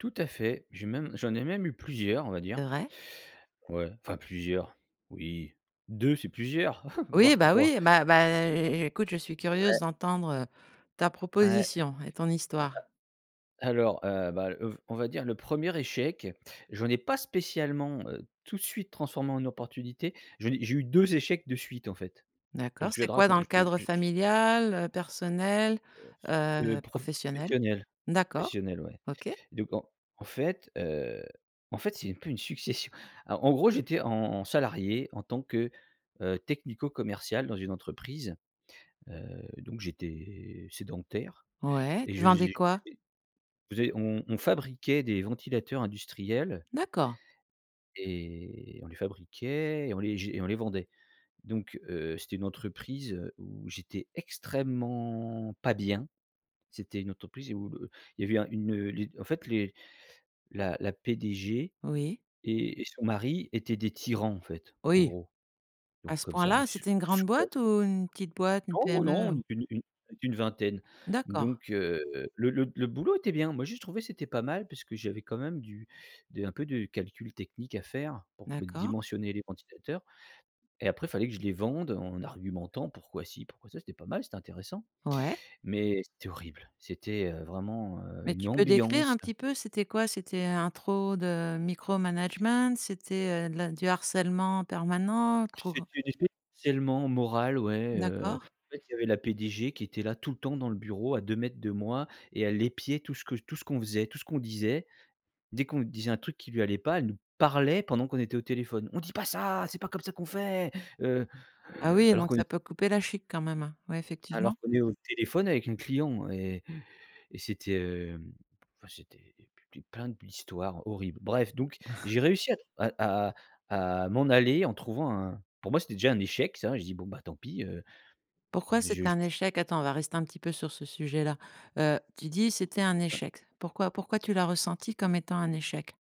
Tout à fait, j'ai même j'en ai même eu plusieurs, on va dire. C'est vrai? Ouais, enfin plusieurs, oui, 2 c'est plusieurs, Oui, voire bah 3. oui, bah bah et écoute, je suis curieuse Ouais. d'entendre, heu, ta Ouais. [unintelligible] proposition et ton histoire. Alors, heu, bah, heu v on va dire le 1er échec, j'en ai pas spécialement, heu, tout de suite transformé en opportunité. J'en ai eu j'ai eu 2 échecs de suite, en fait, D'accord, donc je vais c'est te quoi racon dans le je cadre je je j familial, heu, personnel, Heu, heu, prof professionnel? professionnel, D'accord, professionnel ouais, OK. donc en en fait, heu, en fait, c'est un peu une succession. Alors en gros, j'étais en en salarié en tant que, heu, technico commercial dans une entreprise. Heu, donc j'étais sédentaire Ouais, et tu je vendais faisait quoi? et faisait on on fabriquait des ventilateurs industriels D'accord. et on les fabriquait et on les j et on les vendait, donc heu, c'était une entreprise, heu, où j'étais extrêmement pas bien. C'était une entreprise où, heu, il y avait eu un une, heu, en fait, les la la PDG Oui. et et son mari étaient des tyrans, en fait, en Oui. gros, donc À ce comme ça point-là, arrive sou c'était une grande souvent. boîte ou une petite boîte, une Non non, PME? Ou? une une une vingtaine, D'accord. donc heu, le le le boulot était bien. Moi j'ai trouvé que c'était pas mal parce que j'avais quand même du de un peu de calcul technique à faire, pour D'accord. dimensionner les ventilateurs, et après, il fallait que je les vende en argumentant pourquoi si, pourquoi ça, c'était pas mal, c'était intéressant, Ouais. mais c'était horrible, c'était, heu, vraiment, heu, Mais une tu peux décrire un ambiance! petit peu, c'était quoi? C'était un trop de micro-management? C'était, heu, de la du harcèlement permanent? Trop C'était grand une espè cèlement moral, ouais, heu, D'accord. en fait il y avait la PDG qui était là tout le temps dans le bureau à 2 mètres de moi et elle épiait tout ce que j tout ce qu'on faisait, tout ce qu'on disait. Dès qu'on disait un truc qui lui allait pas, elle nous parlait pendant qu'on était au téléphone: «On dit pas ça! C'est pas comme ça qu'on fait!» Heu, Ah oui, alors donc qu'on est ça peut couper la chique quand même, hein, ouais effectivement. alors qu'on est au téléphone avec un client et et c'était, heu, enfin, c'était p plein d'histoires horribles. Bref, donc j'ai réussi à à à à m'en aller en trouvant un pour moi, c'était déjà un échec ça. Je dis: «Bon beh tant pis, heu, Pourquoi je c'était j» un échec? Attends, on va rester un petit peu sur ce sujet-là. Heu, tu dis: «C'était un Ouais. échec» pourquoi pourquoi tu l'as ressenti comme étant un échec?